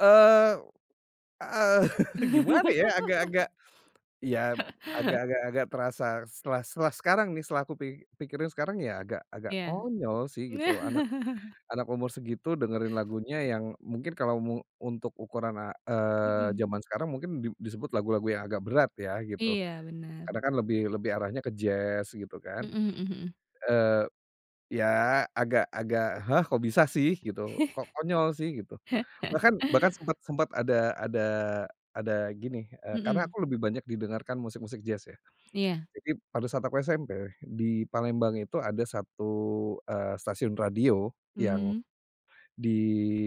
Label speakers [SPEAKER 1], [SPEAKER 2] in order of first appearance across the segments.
[SPEAKER 1] Eee, heeh, gimana ya agak-agak, ya agak agak agak terasa setelah setelah sekarang nih setelah aku pi pikirin sekarang ya agak agak
[SPEAKER 2] Ya.
[SPEAKER 1] konyol sih gitu loh anak anak umur segitu dengerin lagunya yang mungkin kalau mu untuk ukuran a eee,
[SPEAKER 2] Mhm.
[SPEAKER 1] zaman sekarang mungkin di disebut lagu-lagu yang agak berat ya gitu,
[SPEAKER 2] Iya, benar.
[SPEAKER 1] karena kan lebih lebih arahnya ke jazz gitu kan,
[SPEAKER 2] Mhm mhm mhm.
[SPEAKER 1] eee, ya agak agak, hah, kok bisa sih gitu kok konyol sih gitu. Bahkan bahkan sempet sempet ada ada ada gini, eee, karena
[SPEAKER 2] Mhm.
[SPEAKER 1] aku lebih banyak didengarkan musik-musik jazz ya.
[SPEAKER 2] Iya.
[SPEAKER 1] Jadi pada saat aku SMP di Palembang itu ada 1, eee, stasiun radio, yang,
[SPEAKER 2] Mmm.
[SPEAKER 1] di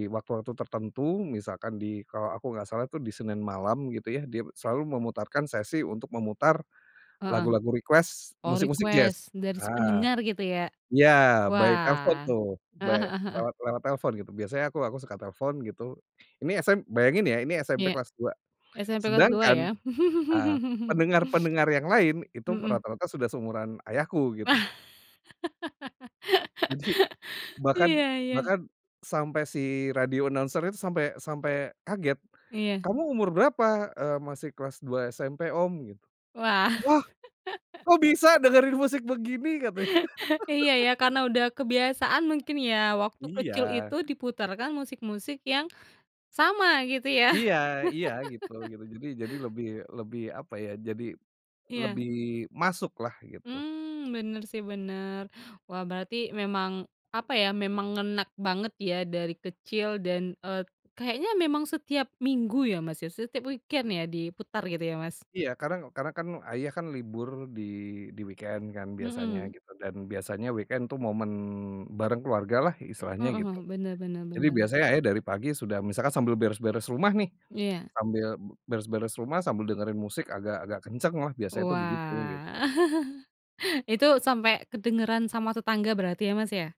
[SPEAKER 1] waktu-waktu tertentu misalkan di kalau aku nggak salah tuh di Senin malam gitu ya dia selalu memutarkan sesi untuk memutar,
[SPEAKER 2] Heeh,
[SPEAKER 1] lagu-lagu request
[SPEAKER 2] oh
[SPEAKER 1] musik-musik jazz,
[SPEAKER 2] request dari si
[SPEAKER 1] ah,
[SPEAKER 2] pendengar gitu ya,
[SPEAKER 1] ya by telepon
[SPEAKER 2] wah,
[SPEAKER 1] tuh
[SPEAKER 2] heeh
[SPEAKER 1] by
[SPEAKER 2] heeh heeh.
[SPEAKER 1] lewat lewat telepon gitu biasanya aku aku suka telepon gitu, ini sm bayangin ya ini SMP
[SPEAKER 2] Ya,
[SPEAKER 1] kelas 2
[SPEAKER 2] SMP kelas 2
[SPEAKER 1] sedangkan,
[SPEAKER 2] ya.
[SPEAKER 1] eee, pendengar-pendengar yang lain itu
[SPEAKER 2] Mhm.
[SPEAKER 1] rata-rata sudah seumuran ayahku gitu. Jadi, bahkan
[SPEAKER 2] Iya iya.
[SPEAKER 1] bahkan, sampai si radio announcer-nya tuh sampai sampai kaget,
[SPEAKER 2] Iya.
[SPEAKER 1] "Kamu umur berapa?" Eee, "Masih kelas 2 SMP, Om." Gitu,
[SPEAKER 2] Wah.
[SPEAKER 1] "Wah, kok bisa dengerin musik begini?" Katanya.
[SPEAKER 2] Iya, ya, karena udah kebiasaan mungkin ya waktu kecil
[SPEAKER 1] Iya.
[SPEAKER 2] itu diputarkan musik-musik yang, sama gitu ya.
[SPEAKER 1] Iya iya, gitu gitu, jadi jadi lebih lebih apa ya jadi,
[SPEAKER 2] Iya.
[SPEAKER 1] lebih masuklah gitu.
[SPEAKER 2] Mmm, bener sih bener. Wah, berarti memang apa ya memang ngena banget ya dari kecil dan, eee, kayaknya memang setiap Minggu ya, Mas, ya, setiap weekend ya diputar gitu ya Mas?
[SPEAKER 1] Iya, karena karena kan ayah kan libur di di weekend kan biasanya
[SPEAKER 2] Mhm.
[SPEAKER 1] gitu dan biasanya weekend tuh momen bareng keluargalah istilahnya
[SPEAKER 2] Mhm
[SPEAKER 1] gitu.
[SPEAKER 2] mhm, bener bener
[SPEAKER 1] Jadi
[SPEAKER 2] bener.
[SPEAKER 1] biasanya ayah dari pagi sudah misalkan sambil beres-beres rumah nih,
[SPEAKER 2] Iya.
[SPEAKER 1] sambil beres-beres rumah sambil dengerin musik agak agak kencenglah biasanya itu begitu gitu.
[SPEAKER 2] Wah, itu sampai kedengeran sama tetangga berarti ya, Mas, ya?